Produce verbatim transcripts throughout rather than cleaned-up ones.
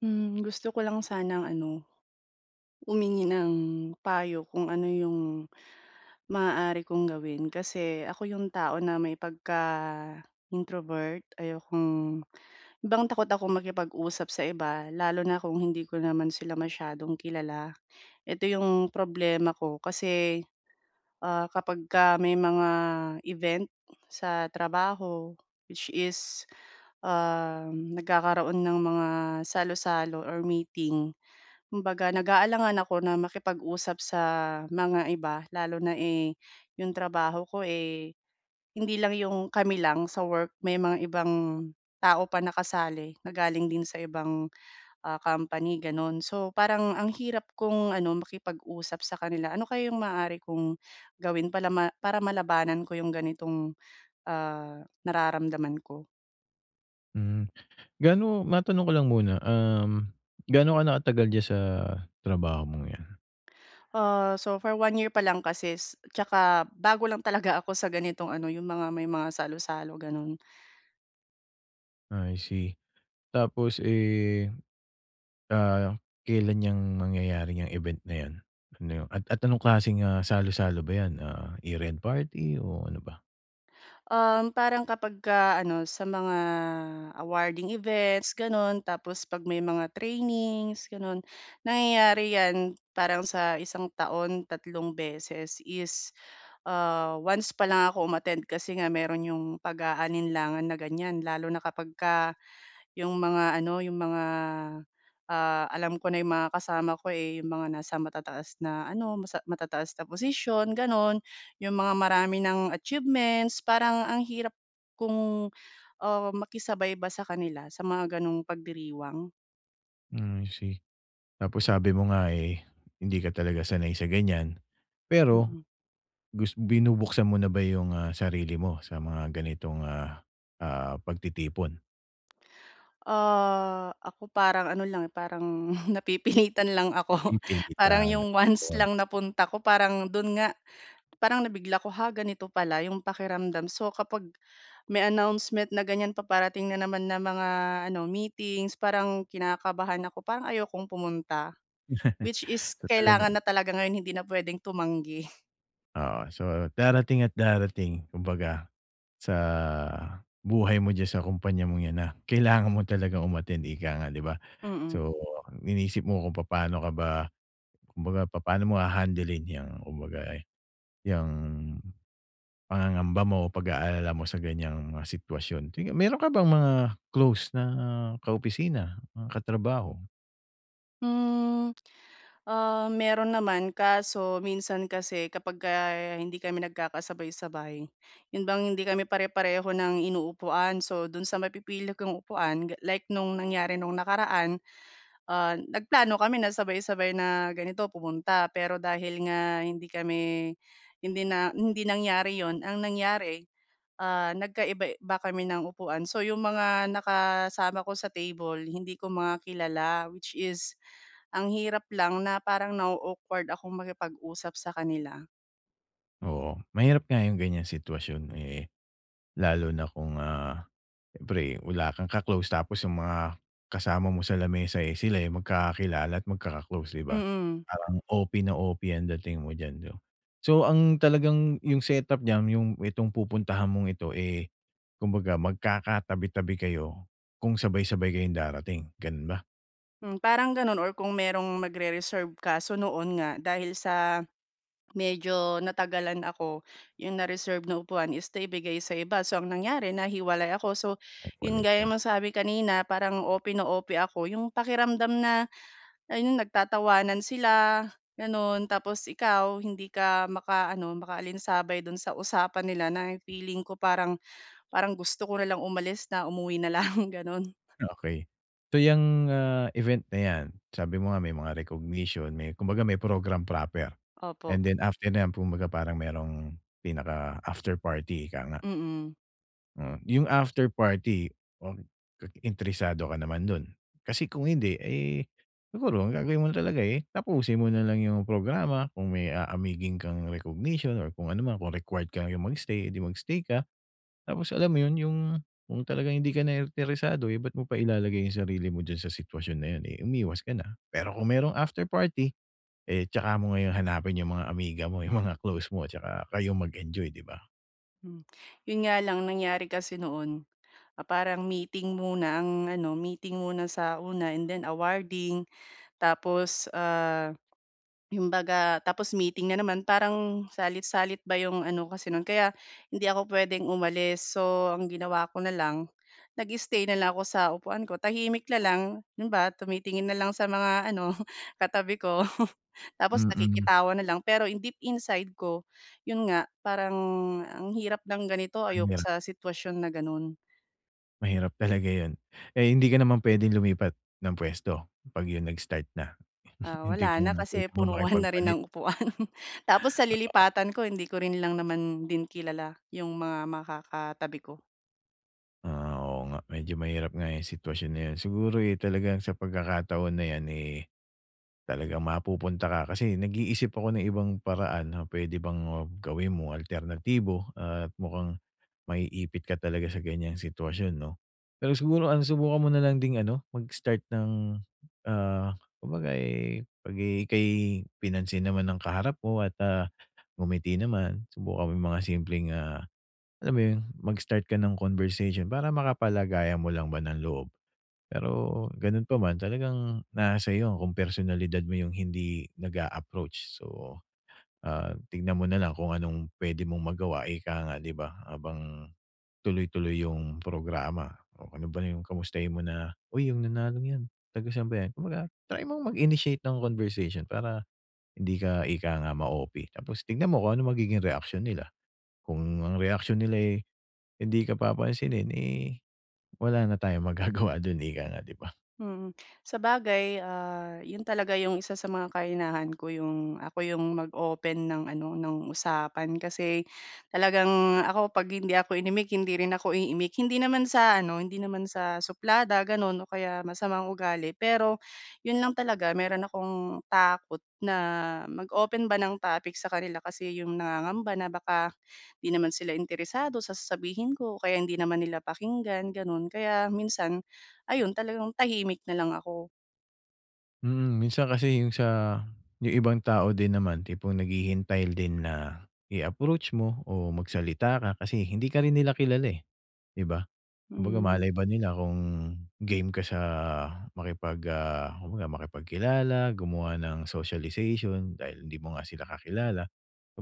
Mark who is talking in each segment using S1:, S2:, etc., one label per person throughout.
S1: Mm, gusto ko lang sanang ano, humingi ng payo kung ano yung maaari kong gawin? Kasi ako yung tao na may pagka-introvert. Ayokong 'yon bang takot akong makipag-usap sa iba, lalo na kung hindi ko naman sila masyadong kilala. Eto yung problema ko kasi, ah, kapagka may mga event sa trabaho, which is, um, nagkakaroon ng mga salu-salo or meeting. Kumbaga, nag-aalangan ako na makipag-usap sa mga iba, lalo na, eh, yung trabaho ko, eh, hindi lang yung kami lang sa work. May mga ibang tao pa na kasali na galing din sa ibang, ah, company, gano'n. So, parang ang hirap kong ano, makipag-usap sa kanila. Ano kaya yung maaari kong gawin palama para malabanan ko yung ganitong, ah, nararamdaman ko?
S2: Mm, gaano, matanong ko lang muna, um, gaano ka na katagal diyan sa trabaho mong 'yan?
S1: Ah, so for one year pa lang kasi s 'tsaka bago lang talaga ako sa ganitong ano, yung mga may mga salo-salo, ganun.
S2: Ah, I see. Tapos, eh, ah, kelan 'yang mangyayari 'yang event na 'yan? Ano at anong klaseng, ah, salu-salo ba 'yan? Ah, year end party o ano ba?
S1: Um, parang kapagka ano, sa mga awarding events, ganun tapos 'pag may mga trainings, ganun. Nangyayari 'yan parang sa isang taon, tatlong beses is, ah, once pa lang ako um-attend kasi nga meron yung pag-aalinlangan na ganyan lalo na kapagka yung mga ano, yung mga, ah, alam ko na yung mga kasama ko, eh, yung mga nasa matataas na ano, masa matataas na posisyon, gano'n, yung mga marami ng achievements. Parang ang hirap kong, ah, makisabay ba sa kanila sa mga gano'ng pagdiriwang.
S2: Mm, I see. Tapos sabi mo nga, eh, hindi ka talaga sanay sa ganyan. Pero,
S1: Mm.
S2: gus binubuksan mo na ba yung, ah, sarili mo sa mga ganitong, ah, ah, pagtitipon?
S1: Ah, ako parang ano lang, eh, parang napipilitan lang ako. Parang
S2: Napipilitan,
S1: 'yong once
S2: yon.
S1: lang na punta ko, parang do'n nga parang nabigla ko, "Ha? Ganito pala 'yong pakiramdam." So, kapag may announcement na ganyan paparating na naman na mga ano, meetings, parang kinakabahan ako, parang ayokong pumunta. Which is
S2: So,
S1: kailangan
S2: talagang
S1: na talaga ngayon, hindi na puwedeng tumanggi.
S2: Oo. So, darating at darating kumbaga sa buhay mo diyan sa kumpanya mong ’yan na kailangan mo talagang um-attend, ika nga, di ba?
S1: Mm.
S2: So, iniisip mo kung papaano ka ba kumbaga, papaano mo hahandlein 'yang kumbaga, eh, 'yang pangangamba mo, pag-aalala mo sa ganyang mga sitwasyon. Sige, meron ka bang mga close na kaopisina, mga katrabaho?
S1: Mm, ah, meron naman. Kaso minsan kasi kapagka hindi kami nagkakasabay-sabay, yun bang hindi kami pare-pareho ng inuupuan. So, dun sa mapipili kong upuan ga like nung nangyari nung nakaraan, ah, nagplano kami na sabay-sabay na ganito, pumunta. Pero dahil nga hindi kami hindi na hindi nangyari 'yun, ang nangyari, ah, nagkaiba-iba kami ng upuan. So, yung mga nakasama ko sa table hindi ko mga kilala. Which is ang hirap lang na parang na-o-awkward akong makipag-usap sa kanila.
S2: Oo, mahirap nga yung ganyang sitwasyon, eh, lalo na kung, ah, siyempre wala kang ka-close, tapos yung mga kasama mo sa lamesa, eh, sila yung magkakilala at magkaka-close, 'di ba?
S1: Mm.
S2: Parang O-P na O-P ang dating mo diyan 'no? So ang talagang, yung set-up diyan yung itong pupuntahan mong ito, eh, kumbaga magkakatabi-tabi kayo kung sabay-sabay kayong darating, gano'n ba?
S1: Hmm, parang gano'n or kung mayrong magre-reserve, kaso noon nga dahil sa medyo natagalan ako, yung na-reserve na upuan is naibigay sa iba, so ang nangyari nahiwalay ako. So 'yun,
S2: Nahiwalay
S1: gaya
S2: ka.
S1: nasabi kanina, parang O-P na O-P ako, yung pakiramdam na, ayun nagtatawanan sila gano'n, tapos ikaw hindi ka makaano makaalinsabay do'n sa usapan nila na feeling ko parang, parang gusto ko nalang umalis na umuwi nalang gano'n.
S2: Okey. So yang, ah, event na yan, sabi mo nga may mga recognition may kumbaga may program proper,
S1: Opo.
S2: and then after na yan, 'kumbaga parang mayrong pinaka after party, ika nga.
S1: Mm.
S2: Mm, yung after party, oh, interesado ka naman do'n? Kasi kung hindi, eh, siguro ang gagawin mo talaga, eh, tapusin mo na lang yung programa kung may aamigin kang recognition or kung ano man, kung required kayong mag-stay, eh di mag-stay ka. Tapos alam mo 'yon, yung kung talagang hindi ka na interesado, eh, ba't mo pa ilalagay yung sarili mo diyan sa sitwasyon na 'yan, eh, umiwas ka na. Pero kung merong after party, eh, tsaka mo ngayon hanapin yung mga amiga mo, yung mga close mo tsaka kayong mag-enjoy, 'di ba?
S1: Mm. 'Yon nga lang nangyari kasi noon, ah, parang meeting muna, ang ano, meeting muna sa una and then awarding tapos, ah, 'yong 'baga tapos meeting na naman, parang salit-salit ba 'yong ano kasi no'n, kaya hindi ako pwedeng umalis. So, ang ginawa ko na lang, nag-stay na lang ako sa upuan ko, tahimik na lang, 'yon ba tumitingin na lang sa mga ano, katabi ko. Tapos
S2: Mm.
S1: nakikitawa na lang, pero in deep inside ko 'yon nga parang ang hirap ng ganito, ayoko
S2: Aniya.
S1: sa sitwasyon na gano'n.
S2: Mahirap talaga 'yon. Eh, hindi ka naman puwedeng lumipat, ng puwesto, 'pag 'yon nag-start na?
S1: Ah,
S2: 'Yong
S1: wala
S2: tipong
S1: na. Kasi
S2: mapupuno,
S1: punuan na rin
S2: makipagpalit.
S1: ang upuan. Tapos sa
S2: Totoo.
S1: lilipatan ko hindi ko rin lang naman din kilala, 'yong mga makakatabi ko.
S2: Ah, oo nga. Medyo mahirap nga 'yong sitwasyon na 'yon. Siguro, eh, talagang sa pagkakataon na 'yan, eh, talagang mapupunta ka. Kasi, nag-iisip ako ng ibang paraan na puwede bang, ah, gawin mo, alternatibo, at mukhang, maiipit ka talaga sa ganiyang sitwasyon, 'no. Pero siguro ano, subukan mo na lang ding ano, mag start ng, ah, kumbaga, eh, 'pag, eh, ika'y, pinansin naman ng kaharap mo at, ah, ngumiti naman, subukan mo 'yong mga simpleng, ah, alam mo 'yon, mag-start ka ng conversation, para makapalagayan mo lang ba ng loob. Pero, gano'n pa man, talagang nasa sa'yo 'yon kung personalidad mo 'yong hindi nag-a-approach. So, ah, tignan mo na lang kung anong puwede mong magawa, ika nga, 'di ba, habang, tuloy-tuloy 'yong programa. O, ano ba 'yong kamustahin mo na, "Uy, 'yong nanalong 'yan, taga san ba 'yan?" Kung baga, try mong mag initiate ng conversation para, hindi ka, ika nga, ma-O-P. Tapos, tignan mo kung anong magiging reaksyon nila, kung ang reaksyon nila, eh, hindi ka papansinin, eh, wala na tayong magagawa do'n, ika nga, 'di ba.
S1: Mm. Sabagay, ah, 'yon talaga 'yong isa sa mga kahinahan ko, 'yong, ako 'yong mag-open ng ano, ng usapan. Kasi, talagang, ako, 'pag hindi ako inimik hindi rin ako iimik, hindi naman sa ano, hindi naman sa suplada, gano'n, o kaya masamang ugali. Pero, 'yon lang talaga, meron akong, takot na mag-open ba ng topic sa kanila, kasi 'yong nangangamba na baka, hindi naman sila interesado sa sasabihin ko o kaya hindi naman nila pakinggan, gano'n. Kaya, minsan, ayun, talagang tahimik na lang ako.
S2: Mm, minsan kasi yung sa, yung ibang tao din naman tipong naghihintay din na i-approach mo o magsalita ka kasi hindi ka rin nila kilala, eh, 'di ba? Kumbaga
S1: Mm.
S2: malay ba nila kung game ka sa makipag, ah, kumbaga makipagkilala, gumawa nang socialization dahil hindi mo nga sila kakilala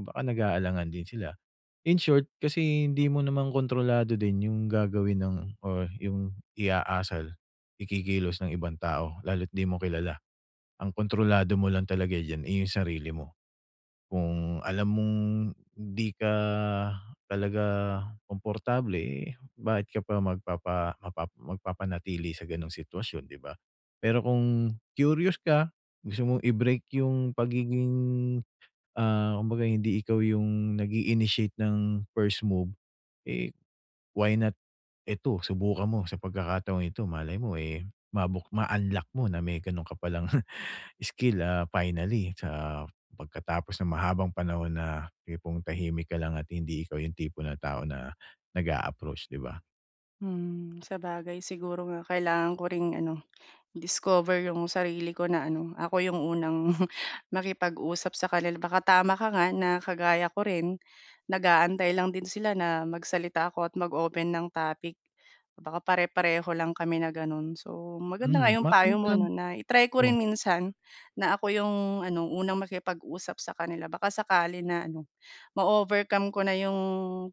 S2: o baka nag-aalangan din sila. In short kasi hindi mo naman kontrolado din yung gagawin ng or yung i-aasal, ikikilos ng ibang tao lalo't di mo kilala. Ang kontrolado mo lang talaga diyan, eh, yung sarili mo. Kung alam mong 'di ka talaga komportable, eh, bakit ka pa magpapa mapa magpapanatili sa gano'ng sitwasyon, 'di ba? Pero kung curious ka, gusto mo i-break yung pagiging, ah, kumbaga hindi ikaw yung nag iinitiate ng first move, eh, why not eto subukan mo sa pagkakataong ito malay mo, eh, mabuk ma-unlock mo na may gano'n ka palang skill, ah, finally sa pagkatapos ng mahabang panahon na tipong tahimik ka lang at hindi ikaw yung tipo ng tao na nag-a-approach, 'di ba?
S1: Mm, sabagay siguro nga kailangan ko rin ano, i-discover 'yong sarili ko na ano, ako 'yong unang makipag-usap sa kanila. Baka tama ka nga na kagaya ko rin, nag-aantay lang din sila na magsalita ako at mag-open ng topic. Baka pare-pareho lang kami na gano'n. So, maganda nga
S2: Mm,
S1: 'yong
S2: matanong
S1: payo
S2: ko
S1: mo
S2: lang
S1: 'no, na i-try ko
S2: oh.
S1: rin minsan na ako yung ano, unang makipag-usap sa kanila baka sakali na ano, ma-overcome ko na yung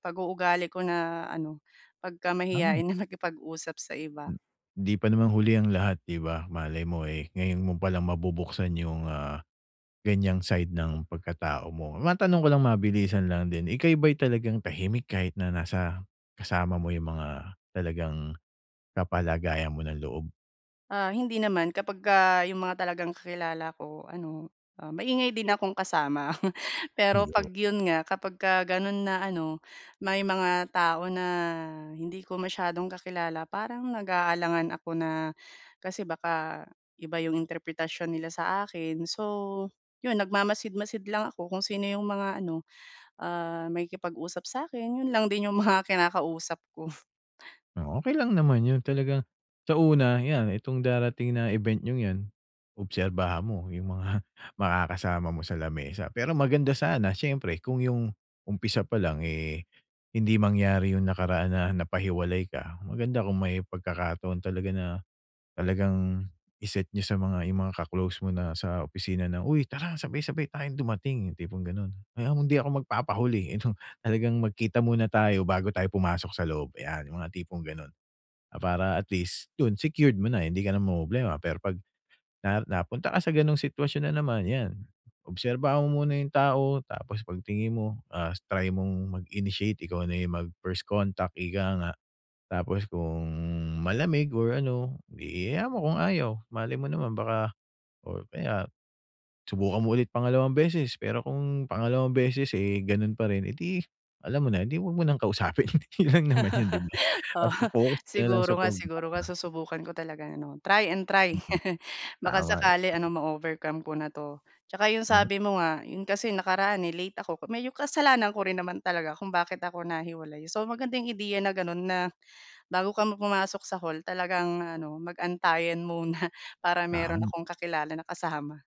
S1: pag-uugali ko na ano,
S2: Mhm.
S1: pagkamahiyain na makipag-usap sa iba.
S2: Hindi pa naman huli ang lahat, ‘di ba. Malay mo eh, ngayon mo palang mabubuksan yung, ah, ganiyang side ng pagkatao mo. Matanong ko lang mabilisan lang din, ika’y ba'y talagang tahimik kahit na nasa kasama mo yung mga talagang kapalagayan mo ng loob?
S1: Ah, hindi naman kapagka yung mga talagang kakilala ko ano, ah, maingay din akong kasama. Pero 'pag
S2: Ayo
S1: yun nga, kapagka ganun na ano, may mga tao na hindi ko masyadong kakilala parang nag-aalangan ako na, kasi baka iba yung interpretasyon nila saakin. So yun, nagmamasid-masid lang ako kung sino yung mga ano, ah, makikipag-usap sa’kin, yun lang din yung mga kinakausap ko.
S2: Oh, okey lang naman yun. Talagang sa una iyan, itong darating na event niyong 'yan, obserbahan mo yung mga makakasama mo sa lamesa. Pero maganda sana, siyempre kung yung umpisa palang eh, hindi mangyari yung nakaraan na napahiwalay ka, maganda kung may pagkakataon talaga na, talagang i-set niyo sa mga yung mga ka-close mo na sa opisina na, “Uy tara, sabay-sabay tayong dumating.” Yung tipong ganun. “Ay ako hindi ako magpapahuli eh ano, talagang magkita muna tayo bago tayo pumasok sa loob.” Ayan, yung mga tipong gano'n. Ah, para at least dun secured mo na, hindi ka na mamomroblema. Pero 'pag na napunta ka sa ganung sitwasyon na naman, ‘yan, obserbahan mo muna yung tao tapos pagtingin mo, ah, try mong mag-initiate, ikaw na yung mag first contact, ika nga. Tapos kung malamig or ano, ‘di hayaan mo kung ayaw. Malay mo naman baka or kaya, subukan mo ulit pangalawang beses, pero kung pangalawang beses, eh ganun pa rin, eh ‘di alam mo na, ‘di ‘wag mo nang kausapin. Yun lang naman yun ‘di ba.
S1: Oo,
S2: Basta focus ka na lang sa
S1: siguro nga, siguro nga,
S2: programa.
S1: susubukan ko talaga ano, try and try.
S2: Mhm,
S1: Baka
S2: tama ‘yan.
S1: sakali ano, ma-overcome ko na 'to. Tsaka 'yong
S2: Mhm.
S1: sabi mo nga, 'yon kasi nakaraan eh late ako medyo kasalanan ko rin naman talaga kung bakit ako nahiwalay. So magandang ideya na gano'n na, bago ka pu pumasok sa hall, talagang ano, mag-antayan muna para meron
S2: Tam
S1: akong kakilala na kasama.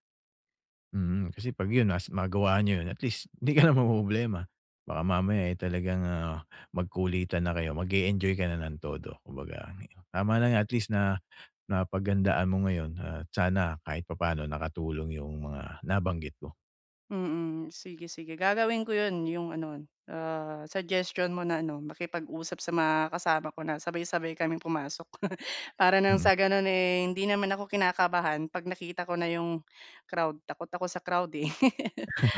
S2: Mhm, kasi 'pag yun nas- magawa niyo yun at least, ‘di ka na mamomroblema. Baka mamaya eh, talagang, ah, magkulitan na kayo. Mag-e-enjoy ka na nang todo kumbaga [unintelligible] tama lang at least na, napaghandaan mo ngayon at sana kahit papaano nakatulong yung mga nabanggit ko.
S1: Mm. Sige, sige. Gagawin ko 'yon 'yong ano, ah, suggestion mo na ano, makipag-usap sa mga kasama ko na sabay-sabay kaming pumasok. Para nang
S2: Mhm.
S1: sa ganun eh, hindi naman ako kinakabahan, 'pag nakita ko na 'yong crowd. Takot ako sa crowd eh.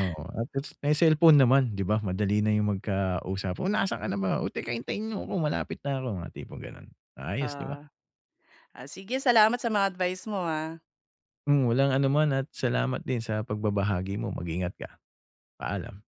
S2: Oo, at least may selpon naman ‘di ba. Madali na yung magkausap, "Oh nasaan ka na ba? O teka hintayin niyo ako, malapit na 'ko.” Mga tipong gano'n. Ayos ‘di ba.
S1: Oo. Ah, sige. Salamat sa mga advice mo ha.
S2: Mm, walang anuman at salamat din sa pagbabahagi mo. Mag-ingat ka. Paalam.